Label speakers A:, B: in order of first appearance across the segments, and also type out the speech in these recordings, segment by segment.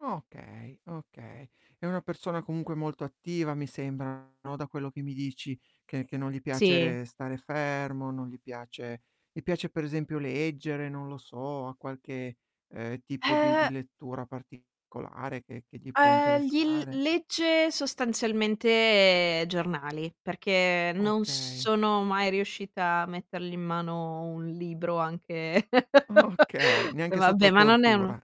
A: Okay, okay. È una persona comunque molto attiva mi sembra, no, da quello che mi dici, che che non gli
B: Sì.
A: piace stare fermo, non gli piace gli piace per esempio leggere, non lo so, ha qualche, ehm, tipo di di
B: Ehm
A: lettura particolare, che che gli può
B: Ehm, gli il
A: interessare?
B: legge sostanzialmente giornali, perché non
A: Okay.
B: sono mai riuscita a mettergli in mano un libro anche
A: Okay,
B: eh,
A: neanche sotto
B: vabbè, ma non è uno
A: tortura.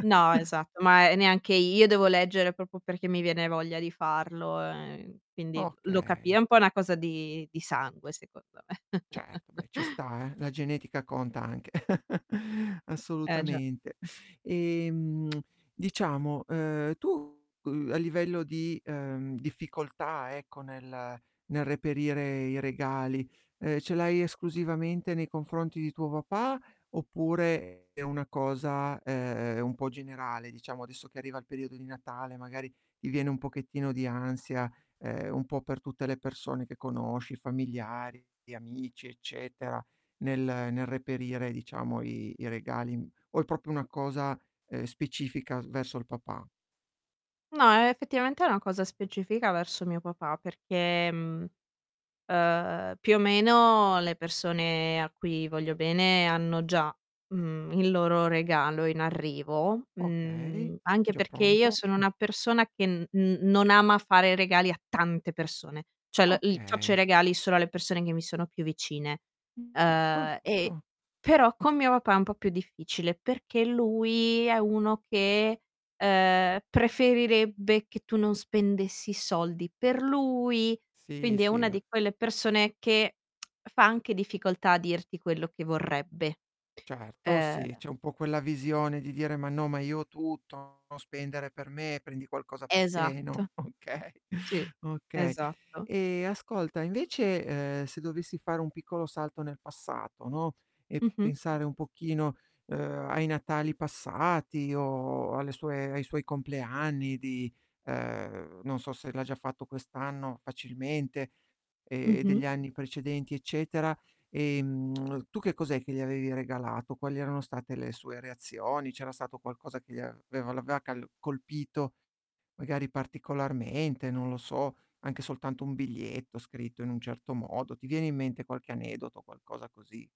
B: no, esatto, ma è neanche io, devo leggere proprio perché mi viene voglia di farlo, e quindi lo capi è
A: Okay.
B: un po' una cosa di di sangue secondo me.
A: Certo, beh, ci sta, eh, la genetica conta anche,
B: Eh, già.
A: assolutamente. Ehm, diciamo, uhm, tu cu a livello di, ehm, difficoltà, ecco, nel nel reperire i regali, ehm, ce l'hai esclusivamente nei confronti di tuo papà, oppure è una cosa, ehm, un po' generale diciamo adesso che arriva il periodo di Natale, magari ti viene un pochettino di ansia, ehm, un po' per tutte le persone che conosci, i familiari, gli amici, eccetera, nel nel reperire, diciamo, i i regali im o è proprio una cosa, ehm, specifica s verso il papà?
B: No, e effettivamente è una cosa specifica verso mio papà perché, mhmm, uhm, più o meno le persone a cui voglio bene, hanno già, mhmm, il loro regalo in arrivo,
A: Okay,
B: mhmm, anche
A: già
B: perché io
A: pronto.
B: sono
A: Mh.
B: una persona che n n non ama fare regali a tante persone. Cioè, la il faccio i
A: Okay.
B: regali solo alle persone che mi sono più vicine.
A: Mh, gusto,
B: Uhm, e
A: giusto.
B: però con mio papà è un po' più difficile, perché lui è uno che, ehm, preferirebbe che tu non spendessi soldi per lui,
A: Sì,
B: quindi è
A: sì,
B: una
A: u
B: di quelle persone che, fa anche difficoltà a dirti quello che vorrebbe.
A: Certo, sì,
B: Ehm
A: c'è un po' quella visione di dire: "Ma no, ma io ho tutto, no spendere per me, prendi qualcosa per te,"
B: Esatto.
A: no, okay,
B: Sì,
A: okay.
B: esatto.
A: Ehm, ascolta, invece, ehm, se dovessi fare un piccolo salto nel passato, no, e
B: Mh-mh.
A: pensare un pochino, uhm, ai natali passati, o alle sue ai suoi compleanni di ehm, non so se l'ha già fatto quest'anno facilmente, e
B: Mh-mh.
A: degli anni precedenti eccetera, ehm, tu che cos'è che gli avevi regalato? Quali erano state le sue reazioni? C'era stato qualcosa che gli aveva l'aveva cal colpito, magari particolarmente, non lo so, anche soltanto un biglietto scritto in un certo modo, ti viene in mente qualche aneddoto, qualcosa così?